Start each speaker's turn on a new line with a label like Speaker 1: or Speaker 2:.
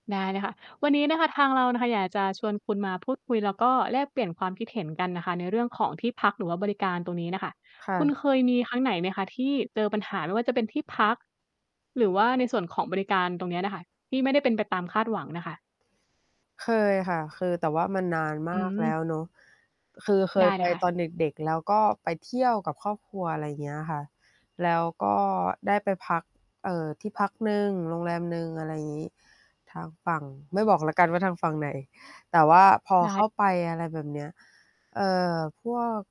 Speaker 1: ได้เลยค่ะ วันนี้นะคะ ทางเราน่ะค่ะ อยากจะชวนคุณมาพูดคุย แล้วก็แลกเปลี่ยนความคิดเห็นกันน่ะค่ะ ในเรื่องของที่พัก หรือว่าบริการตรงนี้น่ะค่ะ
Speaker 2: ค่
Speaker 1: คุณ
Speaker 2: ะ
Speaker 1: เคยมีครั้งไหนไหมคะที่เจอปัญหา ไม่ว่าจะเป็นที่พัก หรือว่าในส่วนของบริการตรงเนี้ยน่ะค่ะ ที่ไม่ได้เป็นไปตามคาดหวังน่ะค่ะ?
Speaker 2: เคยค่ะ คือแต่ว่ามันนานม
Speaker 1: อ
Speaker 2: า
Speaker 1: ื
Speaker 2: กแล
Speaker 1: ม
Speaker 2: ้วเนาะ คือเค
Speaker 1: ได
Speaker 2: ย
Speaker 1: ้
Speaker 2: ไ
Speaker 1: เ
Speaker 2: ป
Speaker 1: ลยค่ะ
Speaker 2: ตอนเด็ก ๆ แล้วก็ไปเที่ยวกับครอบครัว อะไรอย่างเงี้ยค่ะ แล้วก็ได้ไปพัก เอ่อ ที่พักหนึ่ง โรงแรมหนึ่ง อะไรอย่างงี้ ทางฝั่ง ไม่บอกแล้วกันว่าทางฝั่งไหน แต่ว่าพอ
Speaker 1: ได
Speaker 2: เข้
Speaker 1: ้
Speaker 2: าไป อะไรแบบเนี้ย เอ่อ พวก